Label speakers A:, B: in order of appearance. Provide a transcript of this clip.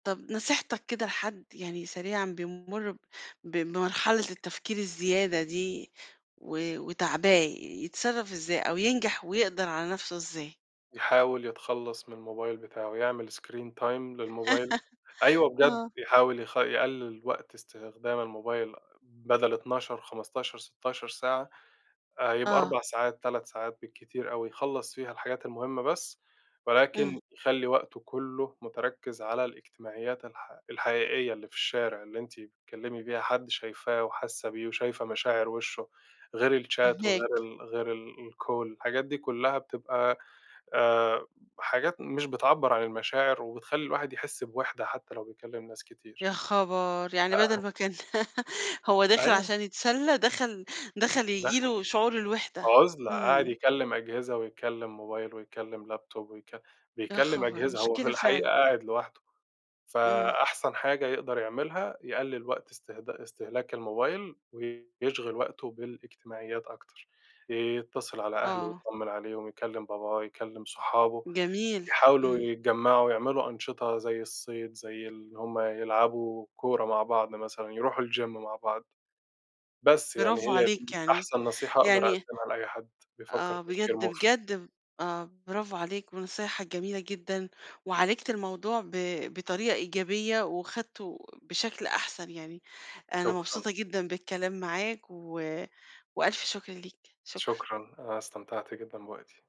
A: طَب نصيحتك كده لحد- يعني سريعًا- بيمُر ب ب بمرحلة التفكير الزيادة دي و وتاعباه، يتصرّف إزاي أو ينجَح ويقدَر على نفْسه إزاي؟
B: يحاول يتخلّص من الموبايل بتاعه، يعمل screen time للموبايل أيوه بجد،
A: آه.
B: يحاول يخ يقلّل وقت استخدام الموبايل بدل 12، 15، 16 ساعة آآ، يبقى 4
A: آه.
B: ساعات، 3 ساعات بالكتير أوي يخلّص فيها الحاجات المهمة بس،
A: امم.
B: ولكن يخلّي وقته كلّه مُتركّز على الإجتماعيات الح الحقيقية اللي في الشارع، اللي أنتِ بتكلّمي بيها حد شايفاه وحاسّة بيه وشايفة مشاعر وشّه، غير الشات وغير
A: فاهماك.
B: ال غير ال الcall، الحاجات دي كلّها بتبقى آآ، حاجات مش بتعبّر عن المشاعر وبتخلّي الواحد يحس بوِحدة حتى لو بيكلّم ناس كتير،
A: يا خبر! يعني
B: ده أهم
A: بدَل ما كان هو داخل
B: أيوه.
A: عشان يتسلّى دخَل دخَل ييجي
B: دخَل
A: له شعور الوحدة.
B: عُزلة، قاعد
A: امم.
B: يكلّم أجهزة ويكلّم موبايل ويكلّم لابتوب ويك
A: يا
B: بيكلّم
A: خبر!
B: أجهزة، هو في
A: مشكلة
B: الحقيقة
A: فعلًا.
B: قاعد لوحده.
A: امم.
B: فأحسن حاجة يقدَر يعملها، يقلّل وقت إستخد إستهلاك الموبايل ويشغِل وقته بالإجتماعيات أكتر، يتّصل على أهله
A: آه.
B: يتطمّن عليهم، يكلّم باباه، يكلّم صحابه،
A: جميل.
B: يحاولوا
A: امم.
B: يتجمّعوا ويعملوا أنشطة زي الصيد، زي اللي هُم يلعبوا كورة مع بعض مثلًا، يرُوحوا الgym مع بعض. بس يعني
A: برافو
B: هي
A: عليك
B: دي
A: يعني،
B: أحسن نصيحة أقدَر
A: يعني
B: أقدِّمها لأي حد بيفكّر
A: آه،
B: تفكير
A: بجد،
B: مُفرِط.
A: بجد ب آه، برافو عليك ونصايحك جميلة جدًا وعالِجت الموضوع ب بطريقة إيجابية وأخدْته بشكل أحسن يعني. أنا
B: شكرًا.
A: مبسوطة جدًا بالكلام معاك و وألف شكر ليك، شكرًا.
B: شكرًا، أنا استمتعت جدًا بوقتي.